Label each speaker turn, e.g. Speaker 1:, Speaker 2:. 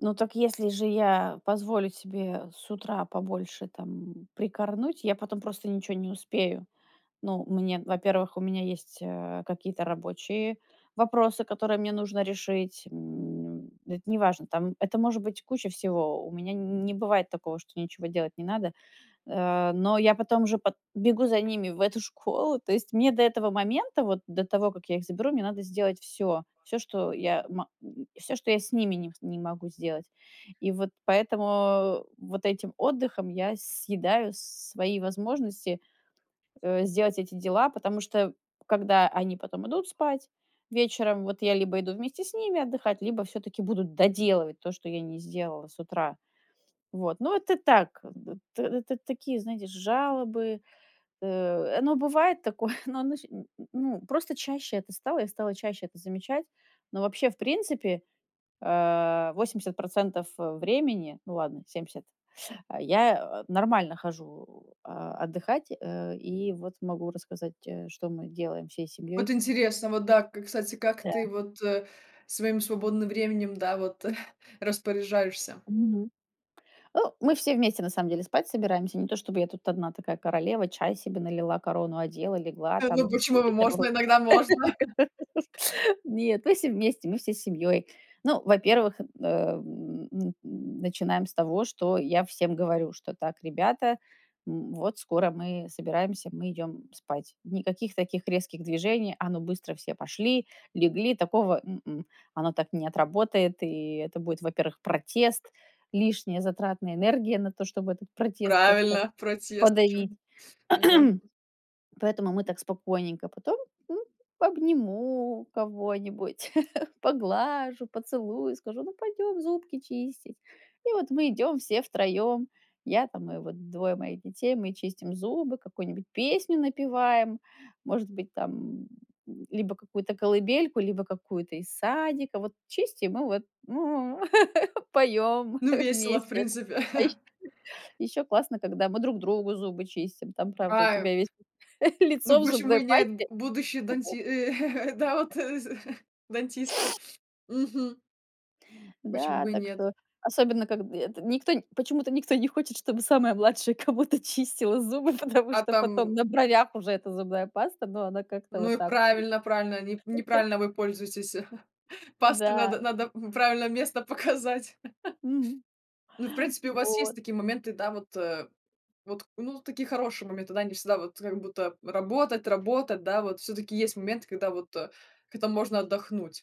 Speaker 1: Ну, так если же я позволю себе с утра побольше там, м, прикорнуть, я потом просто ничего не успею. Ну, мне во-первых, у меня есть, э, какие-то рабочие вопросы, которые мне нужно решить. М, это неважно, там это может быть куча всего. У меня н не бывает такого, что ничего делать не надо. Э, но я потом уже пат бегу за ними в эту школу. То есть мне до этого момента, вот до того, как я их заберу, мне надо сделать всё. Всё, что я ма м, всё, что я с ними не с не могу сделать. И вот поэтому, э, вот этим отдыхом я съедаю свои возможности, э, сделать эти дела. Потому что когда они потом идут спать вечером, вот я либо иду вместе с ними отдыхать, либо всё-таки буду доделывать то, что я не сделала с утра. Вот, но это так, к д т это такие, знаете, ж жалобы. Э, оно бывает такое, но оно ще м, м, ну, просто чаще это стало. Я стала чаще это замечать. Но вообще, в принципе, э, 80 %, э, времени, ну ладно, 70, я, э, нормально хожу, а, отдыхать, э, и вот могу рассказать, э, что мы делаем всей
Speaker 2: Вот
Speaker 1: семьёй.
Speaker 2: интересно, вот да, к кстати, как ты
Speaker 1: Да.
Speaker 2: вот, э, своим свободным временем, да, вот распоряжаешься?
Speaker 1: Мгм. О, мы все вместе на самом деле спать собираемся, не то чтобы я тут одна такая королева, чай себе налила, корону одела, легла
Speaker 2: Да ну,
Speaker 1: там,
Speaker 2: почему?
Speaker 1: скипетр
Speaker 2: Можно.
Speaker 1: вроде
Speaker 2: Иногда можно.
Speaker 1: там. Нет, мы все вместе, мы всей семьей. Ну, во-первых, э, н н начинаем с того, что я всем говорю, что: "Так, ребята, м, вот скоро мы собираемся, мы идем спать". Никаких таких резких движений: "А, ну, быстро все пошли, легли!" Такого- м-м, оно так не отработает. И это будет, во-первых, протест, лишняя затратная энергия на то, чтобы этот протест как-то
Speaker 2: Правильно! Протест. А чё
Speaker 1: подавить.
Speaker 2: они! Ну да.
Speaker 1: Поэтому мы так спокойненько. Потом, м, обниму кого-нибудь, поглажу, поцелую, скажу: "Ну пойдем зубки чистить". И вот мы идем все 3: я там, и вот 2 моих детей, мы чистим зубы, какую-нибудь песню напеваем, может быть, там, м, либо какую-то колыбельку, либо какую-то из садика. Вот чистим и вот поём
Speaker 2: Ну, весело, в
Speaker 1: вместе.
Speaker 2: принципе.
Speaker 1: А ещё ещё классно, когда мы друг другу зубы чистим. Там, правда, у
Speaker 2: Прайвт
Speaker 1: тебя весь лицо
Speaker 2: Ну,
Speaker 1: в
Speaker 2: почему
Speaker 1: зубной
Speaker 2: и нет? Б
Speaker 1: пасте.
Speaker 2: будущие данти э, да вот, э, з дантисты. Мгм. Почему
Speaker 1: Да,
Speaker 2: бы и
Speaker 1: так
Speaker 2: нет?
Speaker 1: что особенно когд эт никто почему-то никто не хочет, чтобы самая младшая кому-то чистила зубы, потому
Speaker 2: А
Speaker 1: что потом
Speaker 2: там
Speaker 1: на бровях уже эта зубная паста, но она как-то
Speaker 2: Ну и
Speaker 1: вот так вот лю
Speaker 2: правильно правильно. Не неправильно вы пользуетесь. Пасту
Speaker 1: Да.
Speaker 2: надо надо, мгм, правильное место показать.
Speaker 1: Мгм.
Speaker 2: Ну и, в принципе, у вас есть
Speaker 1: Вот.
Speaker 2: такие моменты, да вот, э, вот Ну, такие хорошие моменты, да? Не всегда вот как будто работать работать, да вот? Всё-таки есть момент, когда вот как-то можно отдохнуть.